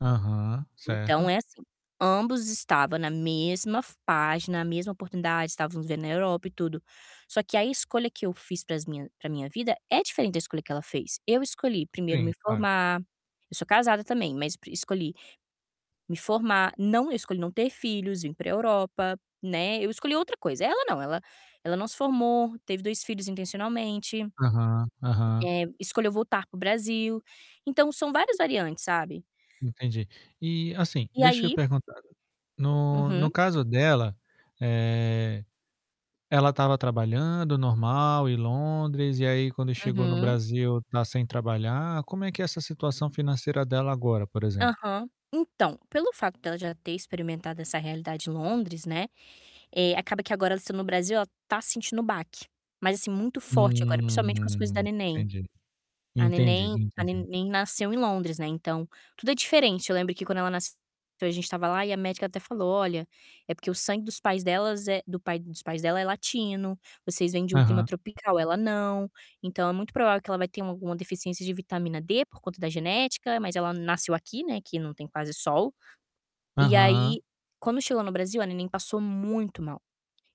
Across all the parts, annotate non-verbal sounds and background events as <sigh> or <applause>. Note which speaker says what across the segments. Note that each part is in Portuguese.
Speaker 1: Aham,
Speaker 2: Então
Speaker 1: certo.
Speaker 2: é assim, ambos estava na mesma f página, a mesma oportunidade, estávamos vivendo na Europa e tudo. Só que a escolha que eu fiz para as minha para minha vida é diferente da escolha que ela fez. Eu escolhi primeiro me
Speaker 1: Sim, claro.
Speaker 2: formar, eu sou casada também, mas escolhi me formar, não eu escolhi não ter filhos, vim para Europa, né, eu escolhi outra coisa. Ela não, ela ela não se formou, teve 2 filhos intencionalmente.
Speaker 1: Aham, aham.
Speaker 2: Eh, escolheu voltar para o Brasil, então são várias variantes, sabe.
Speaker 1: Entendi. E assim,
Speaker 2: E
Speaker 1: deixa eu
Speaker 2: aí
Speaker 1: perguntar, no no
Speaker 2: Uhum.
Speaker 1: caso dela, eh, ela estava trabalhando normal em Londres, e aí, quando chegou no
Speaker 2: Uhum.
Speaker 1: Brasil, está sem trabalhar, como é que é essa situação financeira dela agora, por exemplo?
Speaker 2: Aham, então, pelo fato dela já ter experimentado essa realidade em Londres, né, eh, acaba que agora ela estando no Brasil, ela está sentindo o baque, mas, assim, muito forte agora, principalmente com as coisas da
Speaker 1: Hum,
Speaker 2: neném.
Speaker 1: entendi.
Speaker 2: A
Speaker 1: Entendi,
Speaker 2: neném a
Speaker 1: entendi.
Speaker 2: neném nasceu em Londres, né, então, tudo é diferente. Eu lembro que quando ela nasceu a gente estava lá, e a médica até falou: "Olha, é porque o sangue dos pais delas é do pai dos pais dela é latino, vocês vêm de um clima
Speaker 1: Aham.
Speaker 2: tropical, ela não, então é muito provável que ela vai ter uma alguma deficiência de vitamina D, por conta da genética, mas ela nasceu aqui, né, que não tem quase sol". E
Speaker 1: Aham.
Speaker 2: aí, quando chegou no Brasil, a neném passou muito mal.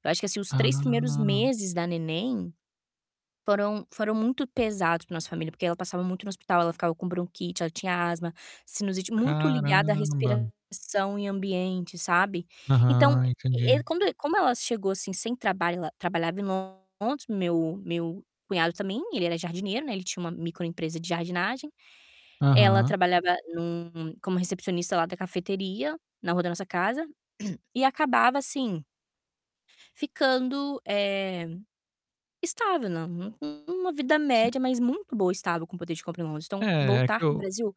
Speaker 2: Eu acho que, assim, os 3 primeiros
Speaker 1: Ah.
Speaker 2: meses da neném foram foram muito pesados para a nossa família, porque ela passava muito no hospital. Ela ficava com bronquite, ela tinha asma, sinusite, muito ligada à
Speaker 1: Caramba.
Speaker 2: respiração e ambiente, sabe. Então,
Speaker 1: Aham,
Speaker 2: e e
Speaker 1: entendi.
Speaker 2: quando como ela chegou assim sem trabalho ela trabalhava em Londres, meu meu cunhado também, ele era jardineiro, né, ele tinha uma microempresa de jardinagem. Ela
Speaker 1: Aham.
Speaker 2: trabalhava num como recepcionista lá da cafeteria na rua da nossa casa, <clears throat> e acabava assim ficando, eh, estável, né, num num numa vida
Speaker 1: Sim.
Speaker 2: média, mas muito boa, estável, com poder de compra em mãos. Então,
Speaker 1: É, é que
Speaker 2: voltar para o
Speaker 1: eu
Speaker 2: Brasil